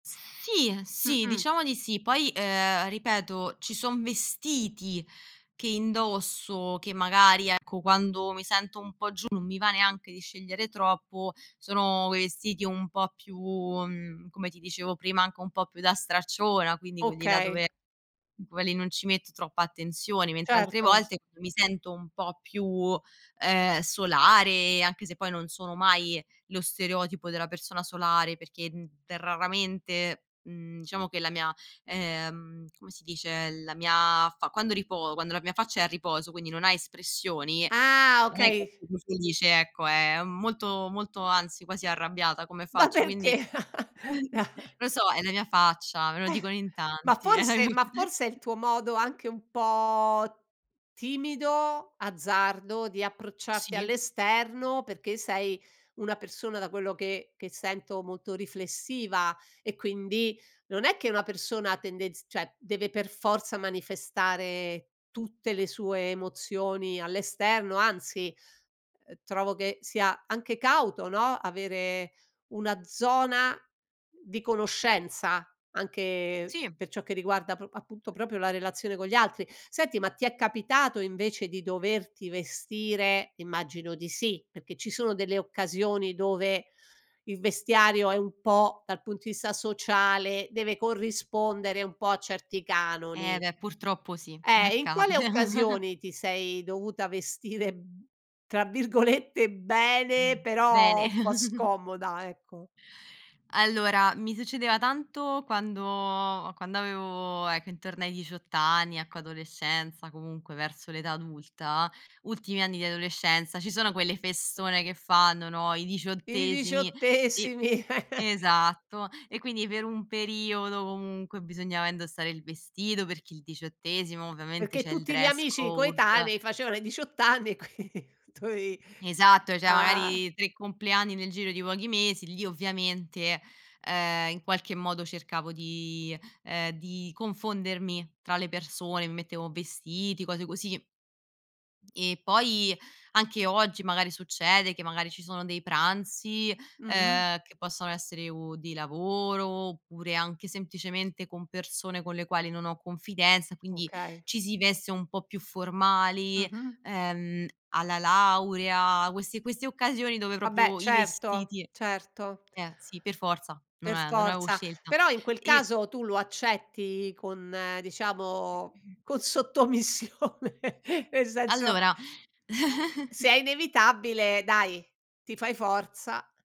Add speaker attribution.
Speaker 1: Sì, sì,
Speaker 2: Mh-mh.
Speaker 1: diciamo di sì. Poi, ehm, ripeto, ci son vestiti che indosso che magari, ecco, quando mi sento un po' giù non mi va neanche di scegliere troppo. Sono vestiti un po' più mhmm, come ti dicevo prima, anche un po' più da stracciona, quindi quelli là
Speaker 2: Okay.
Speaker 1: dove quelli non ci metto troppa attenzione. Mentre altre
Speaker 2: Certo.
Speaker 1: volte mi sento un po' più, ehm, solare, anche se poi non sono mai lo stereotipo della persona solare, perché, mhmm, raramente, mhmm diciamo che la mia, ehm come si dice, la mia fa quando ripo quando la mia faccia è a riposo, quindi non ha espressioni,
Speaker 2: Ah,
Speaker 1: non è
Speaker 2: okay.
Speaker 1: come si dice, ecco, è molto molto, anzi, quasi arrabbiata come
Speaker 2: Ma
Speaker 1: faccia, quindi
Speaker 2: perché?
Speaker 1: non so, è la mia faccia, me lo
Speaker 2: Eh.
Speaker 1: dicono in
Speaker 2: Ma
Speaker 1: tanti, è la mia
Speaker 2: forse ma forse è
Speaker 1: faccia.
Speaker 2: il tuo modo anche un po' timido, azzardo, di approcciarti
Speaker 1: Sì.
Speaker 2: all'esterno, perché sei una persona, da quello che che sento, molto riflessiva e quindi non è che una persona tendenz cioè, deve per forza manifestare tutte le sue emozioni all'esterno. Anzi, ehm, trovo che sia anche cauto, no, avere una zona di conoscenza anche
Speaker 1: Sì.
Speaker 2: per ciò che riguarda pr appunto, proprio la relazione con gli altri. Senti, ma ti è capitato invece di doverti vestire immagino di sì, perché ci sono delle occasioni dove il vestiario è un po' dal punto di vista sociale deve corrispondere un po' a certi
Speaker 1: Eh
Speaker 2: canoni.
Speaker 1: beh, purtroppo sì,
Speaker 2: Eh, e in
Speaker 1: accade.
Speaker 2: quali occasioni ti sei dovuta vestire, mhmm, tra virgolette, “bene”,
Speaker 1: Mh,
Speaker 2: però
Speaker 1: bene.
Speaker 2: un po' scomoda, ecco?
Speaker 1: Allora, mi succedeva tanto quando quando avevo, ecco, intorno ai 18 anni, ecco, adolescenza, comunque verso l'età adulta; ultimi anni di adolescenza ci sono quelle festone che fanno, no, i
Speaker 2: I
Speaker 1: diciottesimi, e
Speaker 2: diciottesimi.
Speaker 1: esatto, e quindi per un periodo comunque bisognava indossare il vestito, perché il diciottesimo ovviamente
Speaker 2: Perché
Speaker 1: c'è il
Speaker 2: tutti gli
Speaker 1: dress
Speaker 2: amici
Speaker 1: code.
Speaker 2: coetanei facevano i 18 anni, qui tu avi
Speaker 1: Esatto, cioè
Speaker 2: ah.
Speaker 1: magari 3 compleanni nel giro di pochi mesi, lì ovviamente, ehm, in qualche modo cercavo di, ehm di confondermi tra le persone, mi mettevo vestiti, cose così. E poi anche oggi magari succede che magari ci sono dei pranzi,
Speaker 2: Mh-mh.
Speaker 1: ehm, che possono essere o di lavoro oppure anche semplicemente con persone con le quali non ho confidenza, quindi
Speaker 2: Okay.
Speaker 1: ci si veste un po' più formali,
Speaker 2: Mh-mh.
Speaker 1: ehm, alla laurea, queste queste occasioni dove
Speaker 2: Vabbè
Speaker 1: proprio i
Speaker 2: certo.
Speaker 1: vestiti
Speaker 2: Certo.
Speaker 1: eh sì, per forza, non
Speaker 2: Per
Speaker 1: av non avevo
Speaker 2: forza.
Speaker 1: scelta.
Speaker 2: Però in quel
Speaker 1: E
Speaker 2: caso tu lo accetti con diciamo, con sottomissione, nel senso eh,
Speaker 1: Allora.
Speaker 2: se è inevitabile dai, ti fai forza.